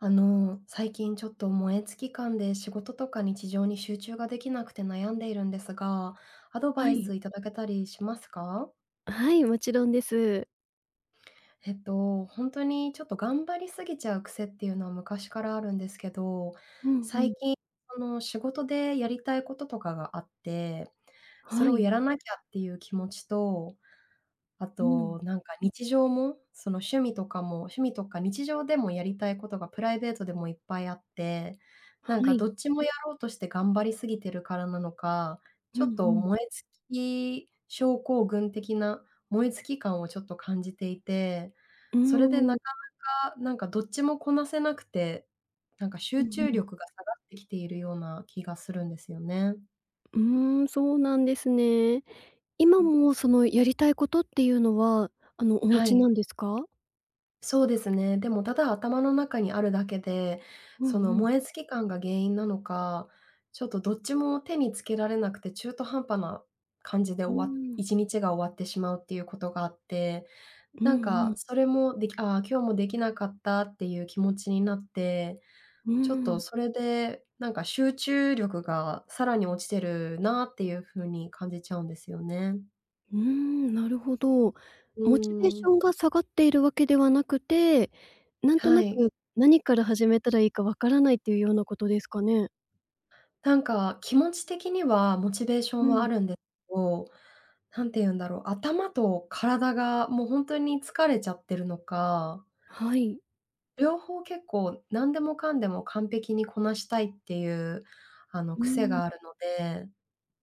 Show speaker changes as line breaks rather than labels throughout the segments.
あの最近ちょっと燃え尽き感で仕事とか日常に集中ができなくて悩んでいるんですが、アドバ
は
イ
い。
スいただけたりしますか？
はい、もちろんです。
えっと、ほんとにちょっと頑張りすぎちゃう癖っていうのは昔からあるんですけど、
うんう
最
ん。
近その、仕事でやりたいこととかがあって、それ
は
を
い。
やらなきゃっていう気持ちと、あ
うん。
と、なんか日常も、その趣味とかも、趣味とか日常でもやりたいことがプライベートでもいっぱいあって、
は
なんか
い。
どっちもやろうとして頑張りすぎてるからなのか、
うん
ちょ
う
っと
ん。
燃え尽き症候群的な燃え尽き感をちょっと感じていて、
う
それで
ー
な
ん。
かなか、なんかどっちもこなせなくて、なんか
う
集
ん
中
うん。
力が下がってきているような気がするんですよね。
うーん、そうなんですね。
う
今
ん。
もそのやりたいことっていうのはあのお持
は
ち
い。
なんですか？
そうですね。でもただ頭の中にあるだけで、
うん
その
うん。
燃え尽き感が原因なのか、ちょっとどっちも手につけられなくて中途半端な感じで
う
終わ
ーん。
一日が終わってしまうっていうことがあって、
うん
なん
う
か
ん。
それもでき「あ、今日もできなかった」っていう気持ちになって、
うー
ちょっと
ん。
それでなんか集中力がさらに落ちてるなっていう風に感じちゃうんですよね。
うーん。なるほど。
う
モチベーシ
ーん。
ョンが下がっているわけではなくて、なんと
は
な
い。
く、何から始めたらいいか分からないというようなことですかね？
なんか気持ち的にはモチベーショ
う
ンはあ
ん。
るんですけど、何て言うんだろう、頭と体がもう本当に疲れちゃってるのか。
はい。
両方結構何でもかんでも完璧にこなしたいっていう、あの、
う
癖
ーん。
があるので、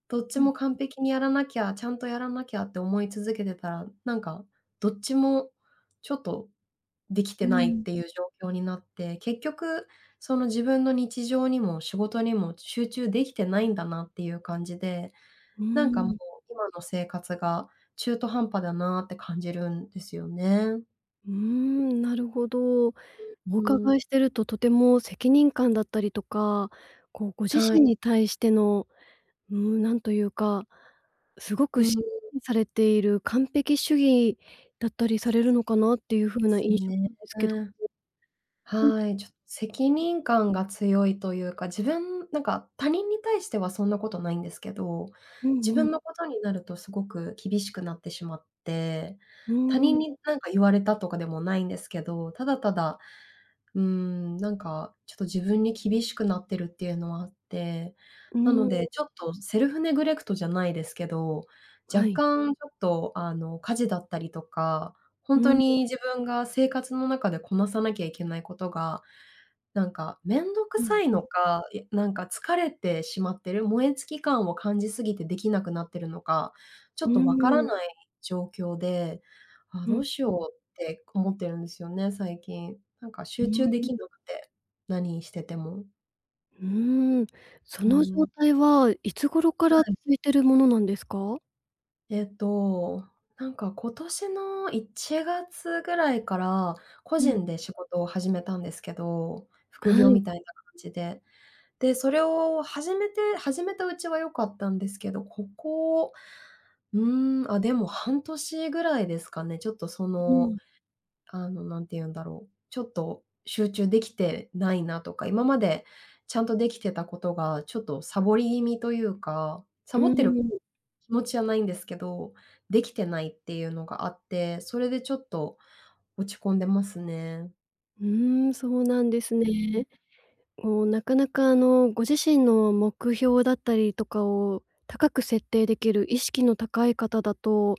どっち
うん
も完
うん。
璧にやらなきゃ、ちゃんとやらなきゃって思い続けてたら、なんか、どっちもちょっとでき
うー
てないっ
ん。
ていう状況になって、結局その自分の日常にも仕事にも集中できてないんだなっていう感じで、
うー
なんかもう、
ん。
今の生活が中途半端だなって感じるんですよね。
うーん、なるほど。お
う
伺
ん。
いしてると、とても責任感だったりとか、こう、ご自
はい。
身に対しての、うーん、なんというか、すご
う
く
ー
しっか
ん。
りされている完璧主義だったりされるのかなっていう風な
[unintelligible]
印象
ね。
なんですけど。うん。
はい。ちょ責任感が強いというか、自分なんか他人に対してはそんなことないんですけど、
う
自
んうん。
分のことになるとすごく厳しくなってしまって、
う
他
ー
人
ん。
に何か言われたとかでもないんですけど、ただただ、うーん、なんかちょっと自分に厳しくなってるっていうのはあって。
う
なの
ーん。
で、ちょっとセルフネグレクトじゃないですけど、
は
若
い。
干ちょっと、あの、家事だったりとか、
う
本当
ーん。
に自分が生活の中でこなさなきゃいけないことが、なんか面倒く
うん
さい
うん。
のか、や、なんか疲れてしまってる、燃えつき感を感じすぎてできなくなってるのか、ちょ
うー
っとわから
ん。
ない状況で、ああ、
う
ど
ん。
うし
う
よ
ん。
うって思ってるんですよね、最近。なんか
う
集中
ー
で
ん。
きなくて、何してても。
うーん、そ
うー
の状
ん。
態はいつ頃か
は
ら続
い。
いているものなんですか？
えっと、なんか今年の1月ぐらいから個
うん。
人で仕事を始めたんですけど副
は
業
い。
みたいな感じで。で、それを始めて始めたうちは良かったんですけど、ここ、うーん、あ、でも半年ぐらいですかね、ちょっと、そ
う
の
ん。
あの、何て言うんだろう、ちょっと集中できてないなとか、今までちゃんとできてたことがちょっとサボり気味というかサ
う
ボって
ー
る
ん。
気持ちはないんですけど、できてないっていうのがあって、それでちょっと落ち込んでますね。
うーん、そうなんです
うん。
ね。もうなかなかあのご自身の目標だったりとかを高く設定できる意識の高い方だと、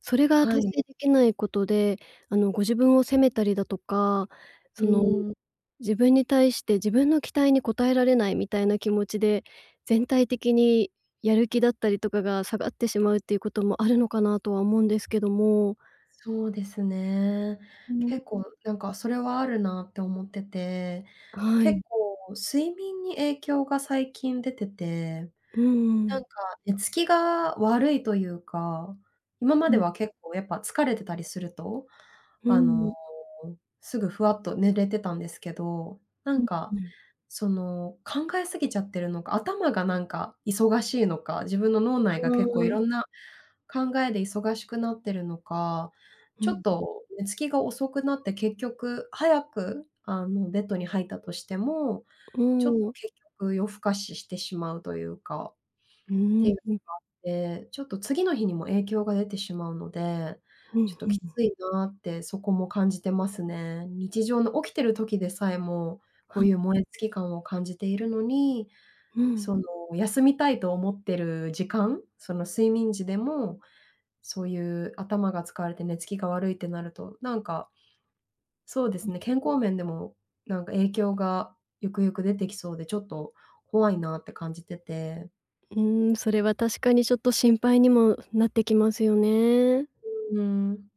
それが
は
達
い。
成できないことで、あのご自分を責めたりだとか、
う
その
ーん。
自分に対して自分の期待に応えられないみたいな気持ちで、全体的にやる気だったりとかが下がってしまうっていうこともあるのかなとは思うんですけども。
そうですね。
うーん。
結構なんかそれはあるなって思ってて、
はい。
結構睡眠に影響が最近出てて、
うー
な
ん。
んか寝つきが悪いというか、今ま
う
で
ん。
は結構やっぱ疲れてたりすると、
うー
あの、
ん。
すぐふわっと寝れてたんですけど、な
う
ん
ん、
か
うん。
その考え過ぎちゃってるのか、頭がなんか忙しいのか、自分の脳内が結構い
うーん。
ろんな考えで忙しくなってるのか、
うん、
ちょっ
うん。
と寝つきが遅くなって、結局早くあのベッドに入ったとしても、
う
ちょっ
ー
と
ん。
結局夜更かししてしまうというか、っ
うー
て
ん、
いうの
うん。
があって、ちょっと次の日にも影響が出てしまうので、
うん、
ちょっと
ふ
き
む。
ついなってそこも感じてますね。日常の起きてる時でさえも、こ
は
う
い。
いう燃えつき感を感じているのに、
うん。
その休みたいと思ってる時間その睡眠時でも、そういう頭が使われて寝つきが悪いってなると、なんか、そうで
う
す
ん。
ね、健康面でもなんか影響がゆくゆく出てきそうでちょっと怖いなって感じてて。
うーん、それは確かにちょっと心配にもなってきますよね。
うーん。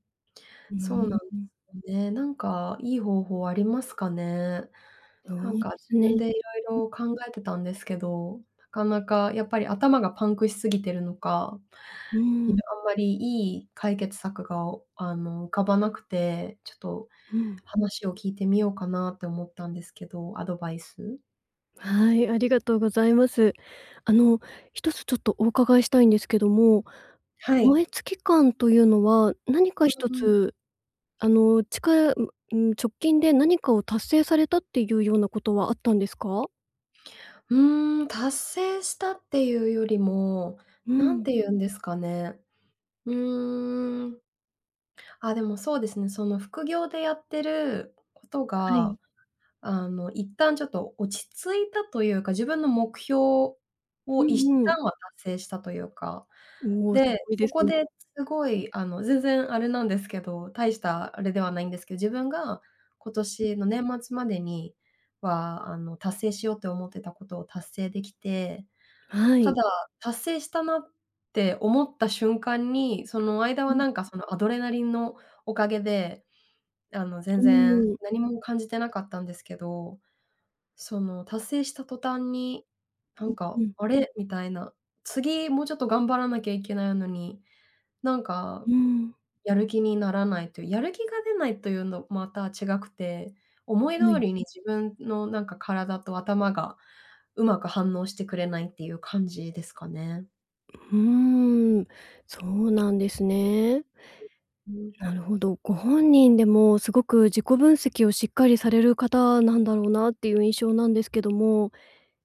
な
そ
に、
うなんよ
うん。
ね。なんかいい方法ありますかね。
そ
なん
う
か
で
自
す
分
ね。
で
うん。
色々考えてたんですけど、なかなかやっぱり頭がパンクしすぎてるのか、
うー
ひの
ん。
あんまりいい解決策が、あの、浮かばなくて、ちょっと
うん。
話を聞いてみようかなって思ったんですけど、アドバイス。
はい、ありがとうございます。あの一つちょっとお伺いしたいんですけども、
はい。
燃え尽き感というのは何か一
うんうん。
つ、あの、ちかううーん、直近で何かを達成されたっていうようなことはあったんですか？
うーん。達成したっていうよりも、
う
何
ん。
て言うんですかね。うーん。あ、でもそうですね、その副業でやってること
は
が、
い。
あの、一旦ちょっと落ち着いたというか、自分の目標を
う
一
んうん。
旦は達成したというか。
うお、す
で、
ごいで
そ
す
こ
ね。
ですごい、あの全然あれなんですけど、大したあれではないんですけど、自分が今
うん。
年の年末までには、あの、達成しようと思ってたことを達成できて、
は
た
い。
だ、達成したなって思った瞬間に、その間
う
は
ん。
なんかそのアドレナリンのおかげで、あの、
う
全然
ーん。
何も感じてなかったんですけど、その達成した途端にな
う
ん
ん
か
うん。
あれ？みたいな。次もうちょっと頑張らなきゃいけないのに、なんか
うーん。
やる気にならないというやる気が出ないというのまた違くて、思い
は
通
い。
りに自分のなんか、体と頭がうまく反応してくれないっていう感じですかね。
うーん。そうなんですね。
うん。
なるほど、ご本人でもすごく自己分析をしっかりされる方なんだろうなっていう印象なんですけども、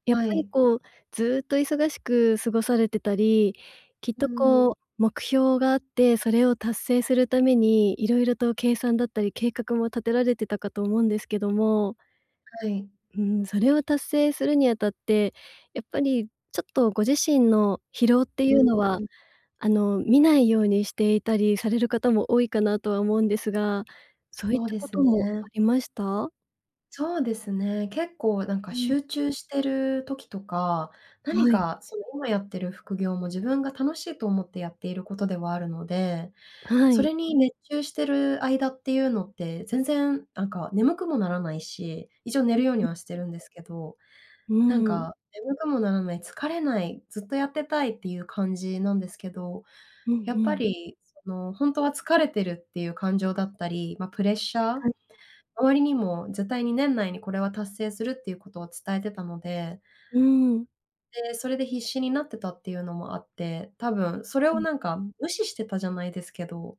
やっ
は
ぱり
い。
こうずっと忙しく過ごされてたり、きっ
う
と
ーん。
こう目標があって、それを達成するために色々と計算だったり計画も立てられてたかと思うんですけども。
はい。
うーん、それを達成するにあたって、やっぱりちょっとご自身の疲労って
う
い
ー
うのは、
ん。
あの、見ないようにしていたりされる方も多いかなとは思うんですが、そういっ
そう
た
で
こ
す
と
ね。
もありました？
そうですね。結構なんか
うん。
集中してる時とか、何
はい。
かその今やってる副業も自分が楽しいと思ってやっていることではあるので、
は
そ
い。
れに熱中してる間っていうのって全然なんか眠くもならないし、一応寝
うん
るように
うん。
はしてるんですけど、
う
なん
ーん。
か眠くもならない、疲れない、ずっとやってたいっていう感じなんですけど、
うんう
やっぱ
ん。
りその本当は疲れてるっていう感情だったり、まあ、プレッシャー
はい。
周りにも絶対に年内にこれは達成するっていうことを伝えてたので、
うーん。
で、それで必死になってたっていうのもあって、多分それ
う
を
ん。
なんか無視してたじゃないですけど、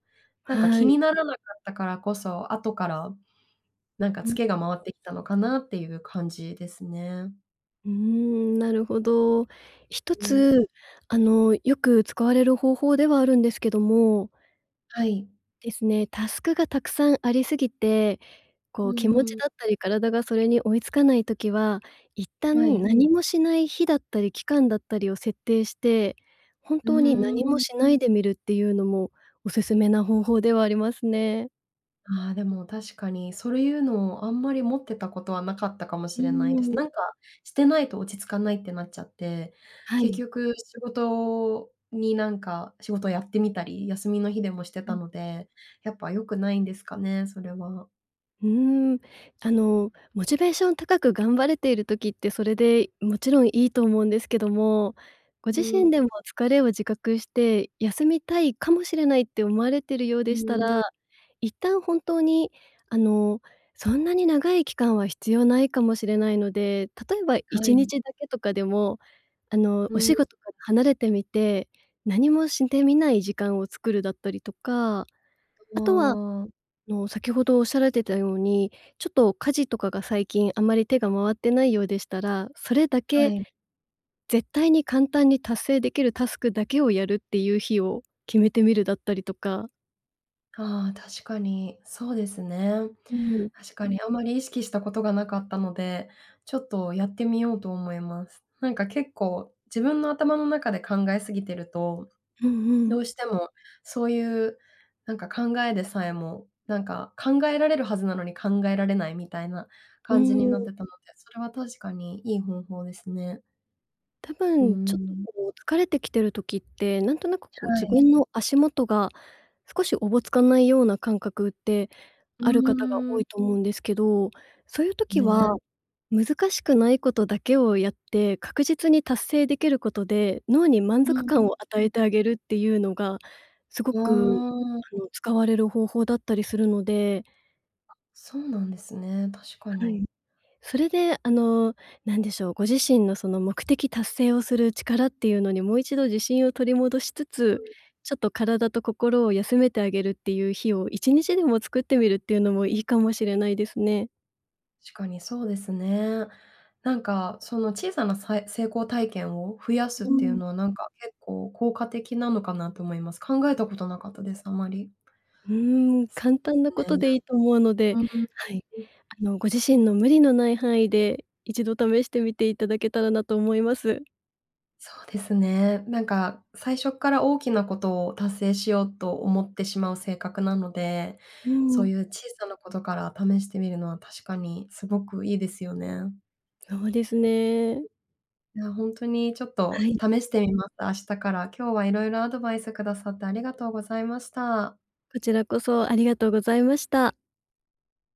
なんか
は
気に
い。
ならなかったからこそ、後からなんか
う
ツ
ん。
ケが回ってきたのかなっていう感じですね。
うーん、なるほど。一
うーん。
つあのよく使われる方法ではあるんですけども。
はい。
ですね、タスクがたくさんありすぎて、
う
こう気持
ん
ち
う
だ
ん。
ったり体がそれに追いつかない時は、一
は
旦
い。
何もしない日だったり期間だったりを設定して、本
う
当に
ー
何も
ん。
しないでみるっていうのもお勧めな方法ではありますね。
ああ、でも確かにそれいうのをあんまり持ってたことはなかったかも
う
し
ー
れないです。
ん。
なんか、してないと落ち着かないってなっちゃって、
は
結
い。
局、仕事になんか仕事やってみたり、休みの日でもして
う
た
ん。
ので、やっぱ良くないんですかね、それは。
うーん、あのモチベーション高く頑張れている時ってそれでもちろんいいと思うんですけども、ご
う
自身
ん。
でも疲れを自覚して休みたいかもしれないって思われているよう
う
でした
ん。
ら、一旦本当にあのそんなに長い期間は必要ないかもしれないので、例えばい
は
ちに
い。
ちだけとかでも、あの
う
お仕
ん。
事から離れてみて、何もしてみない時間を作るだったりとか、
あ
あとは、あ
あ。
の、先ほどおっしゃられてたように、ちょっと家事とかが最近あまり手が回ってないようでしたら、それだ
は
け、
い。
絶対に簡単に達成できるタスクだけをやるっていう日を決めてみるだったりとか。
ああ、確かにそうですね。
うーん。
確かにあんまり意識したことがなかったので、ちょっとやってみようと思います。なんか、結構自分の頭の中で考え過ぎてると
うんう
どう
ん。
してもそういう、なんか、考えでさえもなんか考えられるはずなのに考えられないみたいな
う
感じ
ー
になっ
ん。
てたので、それは確かにいい方法ですね。
多
うー
分、ちょっと、
ん。
こう、疲れてきてる時って、なんとなく、こう、自
はい。
分の足元が少しおぼつかないような感覚って、
う
ある方が
ー
多
ん。
いと思うんですけど、そういう時は、
ね。
難しくないことだけをやって、確実に達成できることで、脳に満
う
足
んう
感
ん。
を与
う
え
ん。
てあげるっていうのが、すご
う
く
ーん。
あの使われる方法だったりするので。
あ、そうなんですね、確か
はい。
に。
それで、あの、何でしょう、ご自身のその目的達成をする力っていうのにもう一度自信を取り戻しつ
う
つ、
んうん。
ちょっと体と心を休めてあげるっていう日を1日でも作ってみるっていうのもいいかもしれないですね。
しかにそうですね。なんか、その小さな、さい成功体験を増やすっ
う
ていう
ん。
のは、なんか、結構効果的なのかなと思います。考えたことなかったです、あまり。
うーん、
そ
簡
うです
単な
ね。
ことでいいと思うので、
うーん。
はい、
うん。
あの、ご自身の無理のない範囲で、一度試してみていただけたらなと思います。
そうですね。なんか、最初っから大きなことを達成しようと思ってしまう性格なので、
うー
そう
ん。
いう小さなことから試してみるのは確かにすごくいいですよね。
そうですね。
いや、本当にちょっ
は
と
い。
試してみます、明日から。今日は色々アドバイスくださってありがとうございました。
こちらこそありがとうございました。